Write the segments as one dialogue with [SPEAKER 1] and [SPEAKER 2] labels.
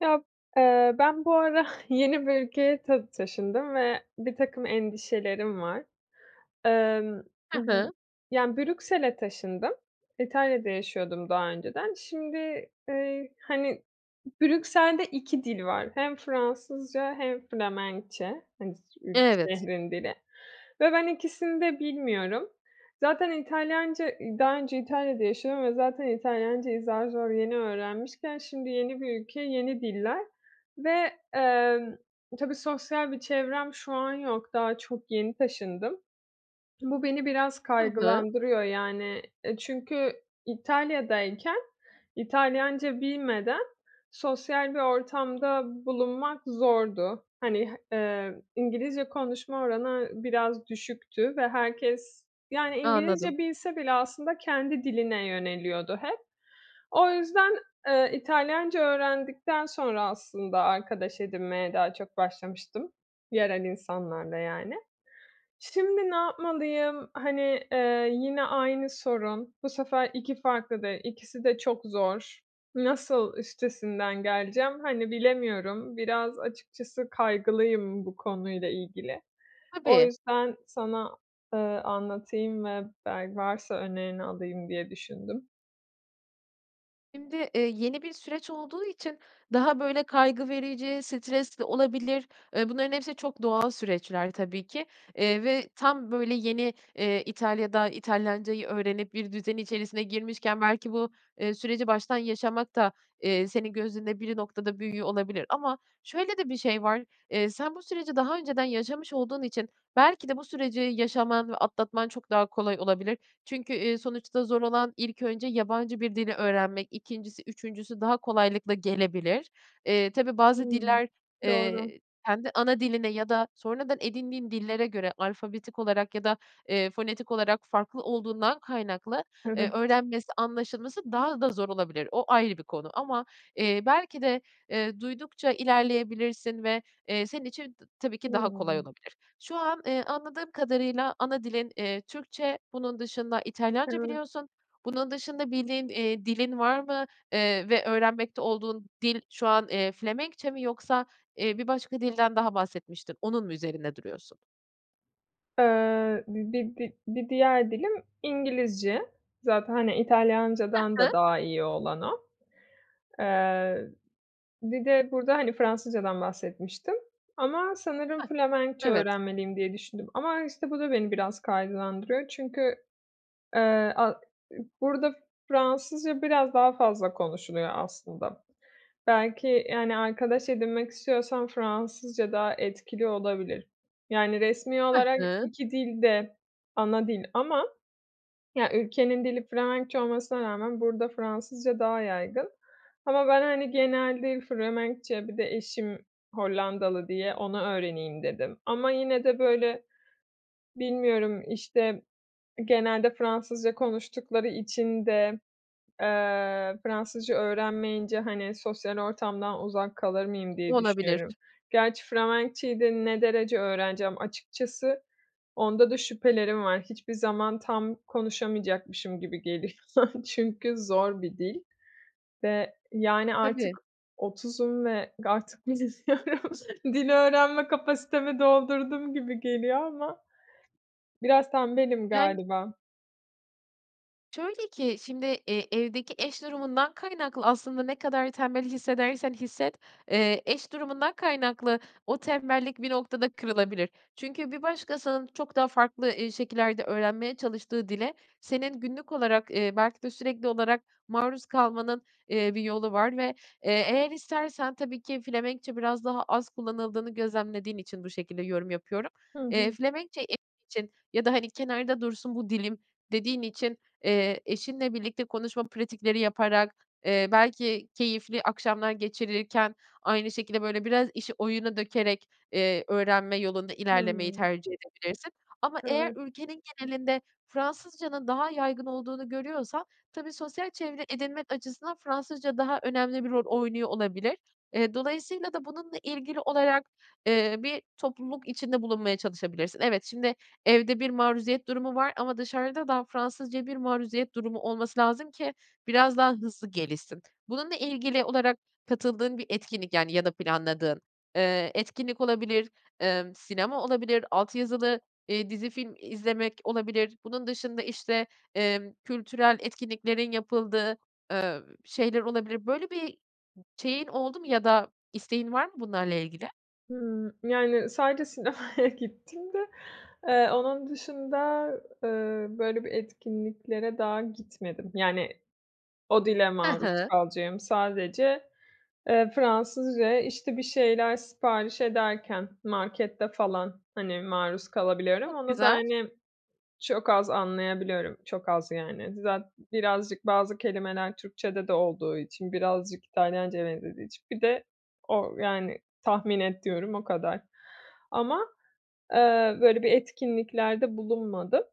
[SPEAKER 1] Ya, eee, ben bu ara yeni bir ülkeye tı taşındım ve birtakım endişelerim var. Emm,
[SPEAKER 2] Hı
[SPEAKER 1] y
[SPEAKER 2] hı.
[SPEAKER 1] yani, Brüksel'e taşındım. İtalya'da yaşıyordum daha önceden. Şimdi, eee, hani, Brüksel'de 2 dil var. Hem Fransızca hem Felemenkçe, hani,
[SPEAKER 2] Evet.
[SPEAKER 1] şehrin dili ve ben ikisini de bilmiyorum. Zaten İtalyanca daha önce İtalya'da yaşıyordum ve zaten İtalyancayı zar zor yeni öğrenmişken; şimdi yeni bir ülke, yeni diller ve, emm, tabii sosyal bir çevrem şu an yok. Daha çok yeni taşındım. Bu beni biraz
[SPEAKER 2] Hı hı.
[SPEAKER 1] kaygılandırıyor, yani, eee, çünkü İtalya'dayken İtalyanca bilmeden sosyal bir ortamda bulunmak zordu. Hani, h emm, İngilizce konuşma oranı biraz düşüktü ve herkes, yani,
[SPEAKER 2] Anladım.
[SPEAKER 1] İngilizce bilse bile aslında kendi diline yöneliyordu hep. O yüzden, eee, İtalyanca öğrendikten sonra aslında arkadaş edinmeye daha çok başlamıştım yerel insanlarla yani. Şimdi ne yapmalıyım? Hani, eee, yine aynı sorun, bu sefer 2 farklı dil, ikisi de çok zor. Nasıl üstesinden geleceğim, hani, bilemiyorum. Biraz açıkçası kaygılıyım bu konuyla ilgili. O
[SPEAKER 2] Tabii.
[SPEAKER 1] yüzden sana, ııı, anlatayım ve bel varsa önerini alayım diye düşündüm.
[SPEAKER 2] Şimdi, eee, yeni bir süreç olduğu için daha, böyle, kaygı verici, stresli olabilir. Eee, bunların hepsi çok doğal süreçler tabii ki. Eee, ve tam böyle yeni, eee, İtalya'da İtalyancayı öğrenip bir düzen içerisine girmişken, belki bu, eee, süreci baştan yaşamak da, eee, senin gözünde biri noktada büyüyor olabilir. Ama şöyle de bir şey var: Eee, sen bu süreci daha önceden yaşamış olduğun için belki de bu süreci yaşaman ve atlatman çok daha kolay olabilir. Çünkü, iii, sonuçta zor olan ilk önce yabancı bir dili öğrenmek, 2'ncisi, 3'üncüsü daha kolaylıkla gelebilir. Eee, tabii, bazı
[SPEAKER 1] Hımm,
[SPEAKER 2] diller,
[SPEAKER 1] doğru.
[SPEAKER 2] eee, kendi ana diline ya da sonradan edindiğin dillere göre, alfabetik olarak ya da, eee, fonetik olarak farklı olduğundan kaynaklı, eee,
[SPEAKER 1] Evet.
[SPEAKER 2] öğrenmesi, anlaşılması daha da zor olabilir. O ayrı bir konu. Ama, eee, belki de, eee, duydukça ilerleyebilirsin ve, eee, senin için tabii ki daha kolay
[SPEAKER 1] Hımm.
[SPEAKER 2] olabilir. Şu an, eee, anladığım kadarıyla ana dilin, eee, Türkçe, bunun dışında İtalyanca
[SPEAKER 1] Evet.
[SPEAKER 2] biliyorsun. Bunun dışında bildiğin, eee, dilin var mı? Eee, ve öğrenmekte olduğun dil şu an, eee, Felemenkçe mi yoksa, eee, bir başka dilden daha bahsetmiştin, onun mu üzerinde duruyorsun?
[SPEAKER 1] Eee, bi bi bi bir diğer dilim, İngilizce. Zaten, hani, İtalyancadan
[SPEAKER 2] Hı hı.
[SPEAKER 1] da daha iyi olan o. Eee, bir de burada, hani, Fransızcadan bahsetmiştim ama sanırım
[SPEAKER 2] Hah.
[SPEAKER 1] Felemenkçe
[SPEAKER 2] Evet.
[SPEAKER 1] öğrenmeliyim diye düşündüm. Ama işte bu da beni biraz kaygılandırıyor çünkü, eee, a burada Fransızca biraz daha fazla konuşuluyor aslında. Belki, yani, arkadaş edinmek istiyorsam Fransızca daha etkili olabilir. Yani, resmi
[SPEAKER 2] Hı
[SPEAKER 1] olarak
[SPEAKER 2] hı.
[SPEAKER 1] 2 dil de ana dil ama ya, ülkenin dili Felemenkçe olmasına rağmen burada Fransızca daha yaygın. Ama ben, hani, genelde Felemenkçe bir de eşim Hollandalı diye onu öğreneyim dedim. Ama yine de, böyle, bilmiyorum, işte, genelde Fransızca konuştukları için de, eee, Fransızca öğrenmeyince, hani, sosyal ortamdan uzak kalır mıyım diye
[SPEAKER 2] Olabilir.
[SPEAKER 1] düşünüyorum. Gerçi Felemekçeyi de ne derece öğreneceğim açıkçası onda da şüphelerim var. Hiçbir zaman tam konuşamayacakmışım gibi geliyor çünkü zor bir dil. Ve, yani, artık
[SPEAKER 2] Tabii.
[SPEAKER 1] 30'um ve artık bilmiyorum, dil öğrenme kapasitemi doldurdum gibi geliyor ama biraz tembelim
[SPEAKER 2] Yani
[SPEAKER 1] galiba.
[SPEAKER 2] Şöyle ki şimdi, eee, evdeki eş durumundan kaynaklı aslında ne kadar tembel hissedersen hisset, eee, eş durumundan kaynaklı o tembellik bir noktada kırılabilir. Çünkü bir başkasının çok daha farklı, eee, şekillerde öğrenmeye çalıştığı dile, senin günlük olarak, eee, belki de sürekli olarak maruz kalmanın, eee, bir yolu var. Ve, eee, eğer istersen -tabii ki Felemenkçe biraz daha az kullanıldığını gözlemlediğin için bu şekilde yorum yapıyorum
[SPEAKER 1] Hı
[SPEAKER 2] eee,
[SPEAKER 1] hı.
[SPEAKER 2] Felemenkçe e için ya da, hani, kenarda dursun bu dilim dediğin için, eee, eşinle birlikte konuşma pratikleri yaparak, eee, belki keyifli akşamlar geçirilirken aynı şekilde, böyle, biraz işi oyuna dökerek, eee, öğrenme yolunda
[SPEAKER 1] Hı
[SPEAKER 2] ilerlemeyi
[SPEAKER 1] hı.
[SPEAKER 2] tercih edebilirsin. Ama eğer
[SPEAKER 1] Evet.
[SPEAKER 2] ülkenin genelinde Fransızcanın daha yaygın olduğunu görüyorsan tabii, sosyal çevre edinmek açısından Fransızca daha önemli bir rol oynuyor olabilir. Eee, dolayısıyla da bununla ilgili olarak, eee, bir topluluk içinde bulunmaya çalışabilirsin. Evet, şimdi, evde bir maruziyet durumu var ama dışarıda da Fransızcaya bir maruziyet durumu olması lazım ki biraz daha hızlı gelişsin. Bununla ilgili olarak katıldığın bir etkinlik, yani, ya da planladığın, eee, etkinlik olabilir, emm, sinema olabilir, alt yazılı, eee, dizi film izlemek olabilir. Bunun dışında, işte, emm, kültürel etkinliklerin yapıldığı, ııı, şeyler olabilir. Böyle bir şeyin oldu mu ya da isteğin var mı bunlarla ilgili?
[SPEAKER 1] Hıı, yani, sadece sinemaya gittiğimde, eee, onun dışında, eee, böyle bir etkinliklere daha gitmedim. Yani, o dile
[SPEAKER 2] Hı
[SPEAKER 1] maruz
[SPEAKER 2] hı.
[SPEAKER 1] kalacağım sadece, eee, Fransızcaya, işte, bir şeyler sipariş ederken markette falan, hani, maruz kalabiliyorum.
[SPEAKER 2] Çok
[SPEAKER 1] Onu da,
[SPEAKER 2] güzel.
[SPEAKER 1] hani, çok az anlayabiliyorum, çok az yani. Zat birazcık bazı kelimeler Türkçede de olduğu için, birazcık İtalyancaya benzediği için, bir de o yani, tahmin ediyorum o kadar. Ama, eee, böyle bir etkinliklerde bulunmadım.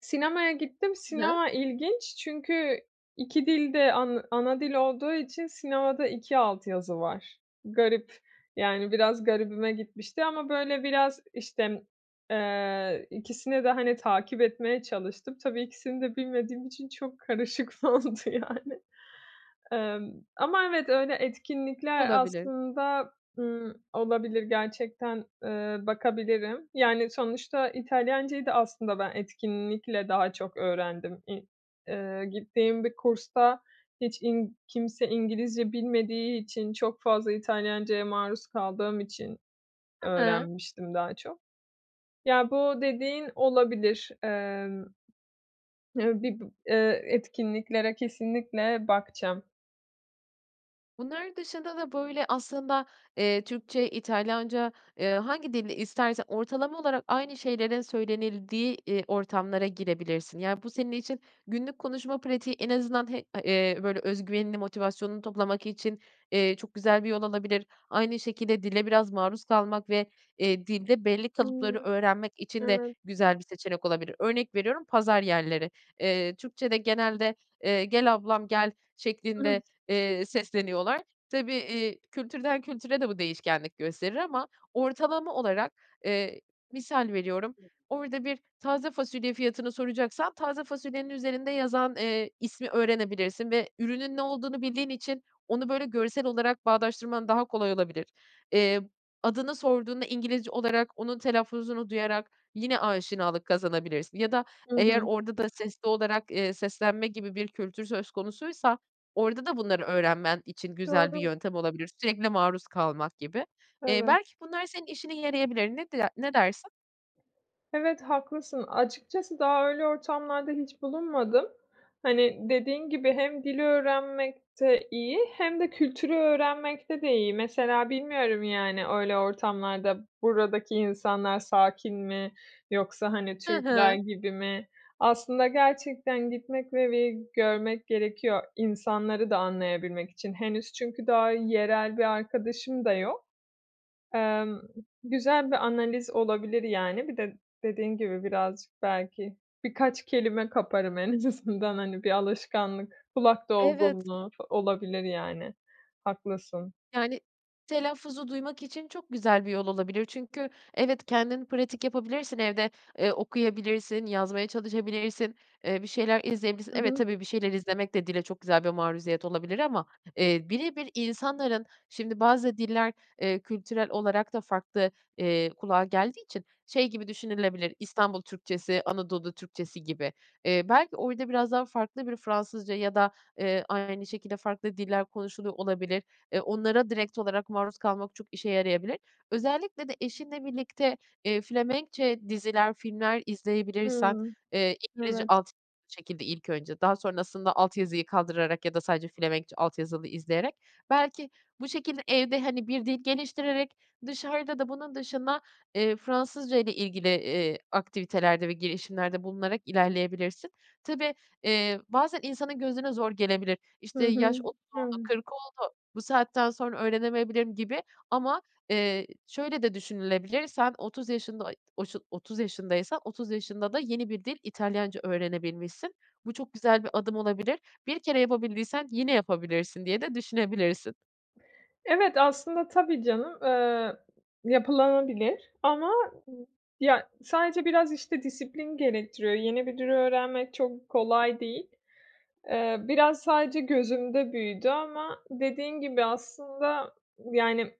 [SPEAKER 1] Sinemaya gittim.
[SPEAKER 2] Hı.
[SPEAKER 1] Sinema ilginç çünkü 2 dil de an ana dil olduğu için sinemada 2 alt yazı var. Garip. Yani, biraz garibime gitmişti ama, böyle, biraz, işte, eee, ikisini de, hani, takip etmeye çalıştım. Tabii ikisini de bilmediğim için çok karışık oldu, yani. Emm, ama evet öyle etkinlikler
[SPEAKER 2] Olabilir.
[SPEAKER 1] aslında, ımm, olabilir, gerçekten, ııı, bakabilirim. Yani, sonuçta İtalyancayı da aslında ben etkinlikle daha çok öğrendim. İ eee, gittiğim bir kursta hiç in kimse İngilizce bilmediği için çok fazla İtalyancaya maruz kaldığım için
[SPEAKER 2] Hı hı.
[SPEAKER 1] öğrenmiştim daha çok. Ya, bu dediğin olabilir. Emm, eee, bibı eee, etkinliklere kesinlikle bakacağım.
[SPEAKER 2] Bunlar dışında da, böyle, aslında, eee, Türkçe, İtalyanca, eee, hangi dilde istersen ortalama olarak aynı şeylerin söylenildiği, eee, ortamlara girebilirsin. Yani, bu senin için günlük konuşma pratiği en azından h a eee, böyle, öz güvenini, motivasyonunu toplamak için, eee, çok güzel bir yol olabilir. Aynı şekilde dile biraz maruz kalmak ve, eee, dilde belli kalıpları
[SPEAKER 1] Hıı.
[SPEAKER 2] öğrenmek için de
[SPEAKER 1] Evet.
[SPEAKER 2] güzel bir seçenek olabilir. Örnek veriyorum: pazar yerleri. Eee, Türkçede genelde, eee, "Gel ablam, gel." şeklinde, eee, sesleniyorlar. Tabii, iii, kültürden kültüre de bu değişkenlik gösterir ama ortalama olarak, eee, misal veriyorum, orada bir taze fasulye fiyatını soracaksan taze fasulyenin üzerinde yazan, eee, ismi öğrenebilirsin ve ürünün ne olduğunu bildiğin için onu, böyle, görsel olarak bağdaştırman daha kolay olabilir. Eee, adını sorduğunda İngilizce olarak, onun telaffuzunu duyarak yine aşinalık kazanabilirsin ya da
[SPEAKER 1] Hı
[SPEAKER 2] eğer
[SPEAKER 1] hı.
[SPEAKER 2] orada da sesli olarak, eee, seslenme gibi bir kültür söz konusuysa orada da bunları öğrenmen için güzel bir
[SPEAKER 1] Doğru.
[SPEAKER 2] yöntem olabilir. Sürekli maruz kalmak gibi. Eee,
[SPEAKER 1] Evet.
[SPEAKER 2] belki bunlar senin işine yarayabilir. Ne der ne dersin?
[SPEAKER 1] Evet, haklısın. Açıkçası daha öyle ortamlarda hiç bulunmadım. Hani, dediğin gibi, hem dili öğrenmekte iyi hem de kültürü öğrenmekte de iyi. Mesela bilmiyorum, yani, öyle ortamlarda buradaki insanlar sakin mi yoksa, hani,
[SPEAKER 2] Hı
[SPEAKER 1] Türkler
[SPEAKER 2] hı.
[SPEAKER 1] gibi mi? Aslında gerçekten gitmek ve bir görmek gerekiyor insanları da anlayabilmek için henüz çünkü daha yerel bir arkadaşım da yok. Emm, güzel bir analiz olabilir, yani. Bir de dediğin gibi, birazcık belki birkaç kelime kaparım en azından, hani, bir alışkanlık, kulak
[SPEAKER 2] Evet.
[SPEAKER 1] dolgunluğu olabilir, yani. Haklısın.
[SPEAKER 2] Yani, telaffuzu duymak için çok güzel bir yol olabilir çünkü evet, kendin pratik yapabilirsin evde, eee, okuyabilirsin, yazmaya çalışabilirsin, eee, bir şeyler izleyebilirsin.
[SPEAKER 1] Hı
[SPEAKER 2] Evet,
[SPEAKER 1] hı.
[SPEAKER 2] tabii, bir şeyler izlemek de dile çok güzel bir maruziyet olabilir ama, eee, bire bir insanların şimdi, bazı diller, eee, kültürel olarak da farklı, eee, kulağa geldiği için şey gibi düşünülebilir; İstanbul Türkçesi, Anadolu Türkçesi gibi. Eee, belki orada biraz daha farklı bir Fransızca ya da, eee, aynı şekilde farklı diller konuşuluyor olabilir. Eee, onlara direkt olarak maruz kalmak çok işe yarayabilir. Özellikle de eşinle birlikte, eee, Felemenkçe diziler, filmler izleyebilirsen,
[SPEAKER 1] Hımm,
[SPEAKER 2] eee, İngilizce
[SPEAKER 1] evet.
[SPEAKER 2] alt şekilde ilk önce, daha sonrasında alt yazıyı kaldırarak ya da sadece Felemenkçe alt yazılı izleyerek; belki bu şekilde evde, hani, bir dil geliştirerek, dışarıda da bunun dışında, eee, Fransızcayla ilgili, eee, aktivitelerde ve girişimlerde bulunarak ilerleyebilirsin. Tabii, eee, bazen insanın gözüne zor gelebilir. İşte,
[SPEAKER 1] Hı
[SPEAKER 2] yaş
[SPEAKER 1] hı.
[SPEAKER 2] 30 oldu,
[SPEAKER 1] Hıı.
[SPEAKER 2] 40 oldu, bu saatten sonra öğrenemeyebilirim gibi ama, eee, şöyle de düşünülebilir; sen 30 yaşında, ay, oşun otuz yaşındaysan, 30 yaşında da yeni bir dil İtalyanca öğrenebilmişsin. Bu çok güzel bir adım olabilir. Bir kere yapabildiysen yine yapabilirsin diye de düşünebilirsin.
[SPEAKER 1] Evet, aslında tabii canım, ııı, yapılanabilir ama ya, sadece biraz, işte, disiplin gerektiriyor. Yeni bir dil öğrenmek çok kolay değil. Eee, biraz sadece gözümde büyüdü ama dediğin gibi aslında, yani,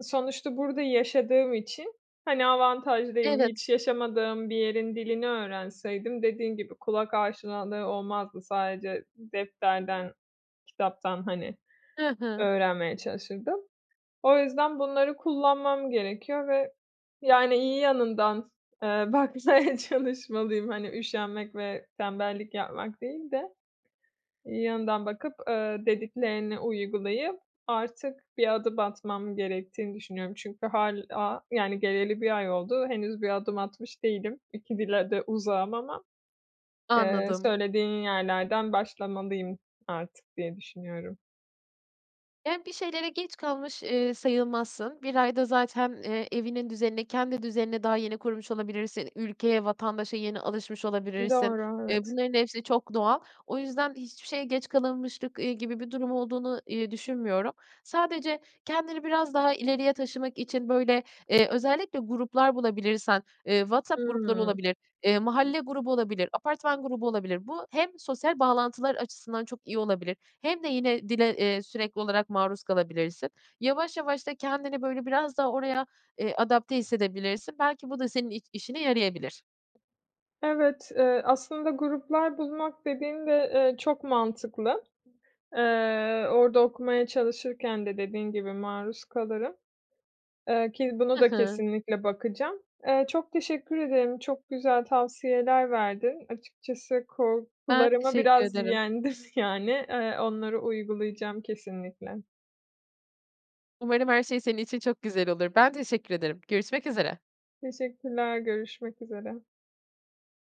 [SPEAKER 1] sonuçta burada yaşadığım için, hani, avantajlıyım.
[SPEAKER 2] Evet.
[SPEAKER 1] Hiç yaşamadığım bir yerin dilini öğrenseydim dediğin gibi kulak aşinalığı olmazdı. Sadece defterden, kitaptan, hani,
[SPEAKER 2] Hı hı.
[SPEAKER 1] öğrenmeye çalışırdım. O yüzden bunları kullanmam gerekiyor ve, yani, iyi yanından, eee, bakmaya çalışmalıyım. Hani üşenmek ve tembellik yapmak değil de iyi yanından bakıp, ııı, dediklerini uygulayıp artık bir adım atmam gerektiğini düşünüyorum. Çünkü hâlâ, yani, geleli 1 ay oldu. Henüz bir adım atmış değilim. 2 dile de uzağım ama, eee,
[SPEAKER 2] Anladım.
[SPEAKER 1] söylediğin yerlerden başlamalıyım artık diye düşünüyorum.
[SPEAKER 2] Yani, bir şeylere geç kalmış, eee, sayılmazsın. 1 ayda zaten, eee, evinin düzenini, kendi düzenini daha yeni kurmuş olabilirsin; ülkeye, vatandaşa yeni alışmış olabilirsin.
[SPEAKER 1] Doğru,
[SPEAKER 2] Eee,
[SPEAKER 1] evet.
[SPEAKER 2] bunların hepsi çok doğal. O yüzden hiçbir şeye geç kalınmışlık, iii, gibi bir durum olduğunu, iii, düşünmüyorum. Sadece kendini biraz daha ileriye taşımak için, böyle, eee, özellikle gruplar bulabilirsen, eee, WhatsApp grupları
[SPEAKER 1] Hımm.
[SPEAKER 2] olabilir, eee, mahalle grubu olabilir, apartman grubu olabilir; bu hem sosyal bağlantılar açısından çok iyi olabilir hem de yine dile, eee, sürekli olarak maruz kalabilirsin. Yavaş yavaş da kendini, böyle, biraz daha oraya, eee, adapte hissedebilirsin. Belki bu da senin i işine yarayabilir.
[SPEAKER 1] Evet, eee, aslında gruplar bulmak dediğin de, eee, çok mantıklı. Eee, orada okumaya çalışırken de dediğin gibi, maruz kalırım. Eee, ki bunu
[SPEAKER 2] I
[SPEAKER 1] da
[SPEAKER 2] hı.
[SPEAKER 1] kesinlikle bakacağım. Eee, çok teşekkür ederim, çok güzel tavsiyeler verdin. Açıkçası
[SPEAKER 2] Ben
[SPEAKER 1] korkularımı
[SPEAKER 2] teşekkür
[SPEAKER 1] biraz
[SPEAKER 2] ederim.
[SPEAKER 1] yendim, yani. Eee, onları uygulayacağım kesinlikle.
[SPEAKER 2] Umarım her şey senin için çok güzel olur. Ben teşekkür ederim. Görüşmek üzere.
[SPEAKER 1] Teşekkürler, görüşmek üzere.